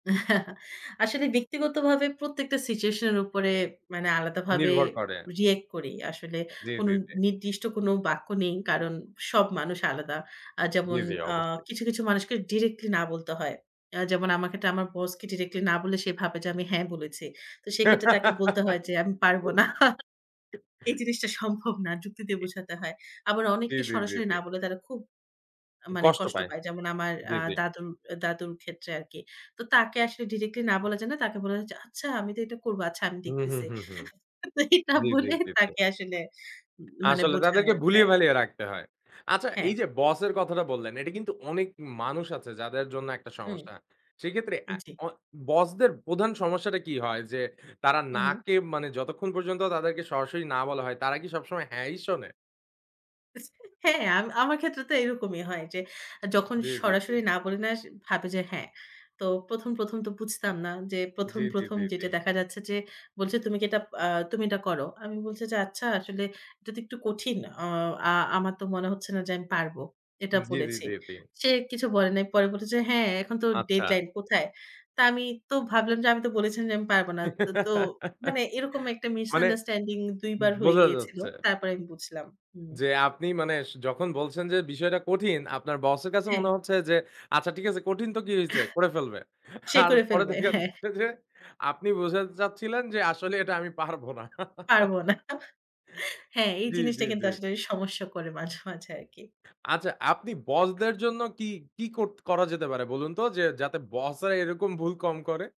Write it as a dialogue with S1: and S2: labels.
S1: আসলে ব্যক্তিগতভাবে প্রত্যেকটা সিচুয়েশন এর উপরে মানে আলাদাভাবে
S2: নির্ভর করে।
S1: রিঅ্যাক্ট করি। আসলে
S2: জ্বী,
S1: কোনো
S2: জ্বী, জ্বী।
S1: নির্দিষ্ট কোনো বাক্য নেই। কারণ সব মানুষ আলাদা।
S2: জ্বী,
S1: যেমন
S2: জ্বী
S1: আ
S2: অবশ্যই।
S1: কিছু, কিছু মানুষকে ডিরেক্টলি না বলতে হয়। যেমন আমাকে আমার বসকে ডিরেক্টলি না বললে, সে ভাবে যে আমি 'হ্যাঁ' বলেছি। তো সেক্ষেত্রে তাকে বলতে হয় যে, আমি পারব না।
S2: জ্বি।
S1: এই জিনিসটা সম্ভব না। যুক্তি দিয়ে বোঝাতে হয়। আবার
S2: জ্বি,
S1: অনেককে
S2: জ্বি, জ্বি,
S1: সরাসরি
S2: জ্বি।
S1: না বলে, তারা খুব মানে
S2: কষ্ট
S1: কষ্ট
S2: পায়।
S1: পায়। যেমন আমার
S2: জ্বী,
S1: আ
S2: জ্বী।
S1: দাদুর দাদুর ক্ষেত্রে আরকি। তো তাকে আসলে ডিরেক্টলি না বলা যায় না, তাকে বলা যায় যে, "আচ্ছা, আমি তো এটা করব। আচ্ছা, আমি
S2: হুম, হুম,
S1: দেখতেছি।"
S2: হুম, হুম।
S1: এটা
S2: জী, জী,
S1: বলে
S2: জী, জী।
S1: তাকে আসলে মানে
S2: আসলে তাদেরকে ভুলিয়ে
S1: বোঝানো-যায়।
S2: ভালিয়ে রাখতে হয়। আচ্ছা
S1: হ্যাঁ।
S2: এই যে বসের কথাটা বললেন, এটা কিন্তু অনেক মানুষ আছে যাদের জন্য একটা
S1: হুম।
S2: সমস্যা। সেক্ষেত্রে অ্যা
S1: জি।
S2: অ বসদের প্রধান সমস্যাটা কি হয় যে, তারা
S1: হু,
S2: 'না'
S1: হু।
S2: কে মানে যতক্ষণ পর্যন্ত তাদেরকে সরাসরি না বলা হয় তারা কি সবসময় 'হ্যাঁ' ই শোনে?
S1: হ্যাঁ, আম আমার ক্ষেত্রে তো এরকমই হয় যে, যখন
S2: জ্বি, জ্বি, জ্বি।
S1: সরাসরি না বলি না, ভাবে যে, হ্যাঁ। তো প্রথম, প্রথম তো বুঝতাম না যে প্রথম,
S2: জ্বি, জ্বি,
S1: প্রথম
S2: জ্বি, জ্বি।
S1: যেটা দেখা যাচ্ছে যে, বলছে, "তুমি কি এটা আ তুমি এটা করো।" আমি বলছি যে, "আচ্ছা, আসলে এটা তো একটু কঠিন। অ আ আমার তো মনে হচ্ছে না যে, আমি পারব।" এটা
S2: জী, জী,
S1: বলেছি।
S2: জী, জী।
S1: সে কিছু বলে নাই। পরে বলেছে, "হ্যাঁ, এখন তো
S2: আচ্ছা।
S1: ডেডলাইন। কোথায়?" তো আমি তো ভাবলাম যে, "আমি তো বলেছি যে আমি পারব না।" তো তো মানে এরকম একটা
S2: মানে,
S1: মিসআন্ডারস্ট্যান্ডিং ২ বার হয়ে
S2: বোঝা
S1: গিয়েছিল।
S2: যাচ্ছে।
S1: তারপর আমি বুঝলাম। হুম।
S2: যে আপনি মানে স যখন বলছেন যে বিষয়টা কঠিন, আপনার বসের কাছে মনে
S1: হ্যাঁ।
S2: হচ্ছে যে, "আচ্ছা, ঠিক আছে কঠিন তো কি হইছে, করে ফেলবে।"
S1: সে
S2: আর
S1: করে
S2: পরে
S1: ফেলবে।
S2: দেখা
S1: হ্যাঁ।
S2: যাচ্ছে যে, আপনি বোঝা যাচ্ছিলেন যে, আসলে এটা আমি পারবো না।
S1: পারব না। হ্যাঁ, এই
S2: জ্বী,
S1: জিনিসটা
S2: জ্বী,
S1: কিন্তু
S2: জ্বী।
S1: আসলে সমস্যা করে মাঝে, মাঝে আরকি।
S2: আচ্ছা আপনি বসদের জন্য কি, কি করত করা যেতে পারে? বলুন তো, যে যাতে বস রা এরকম ভুল কম করে।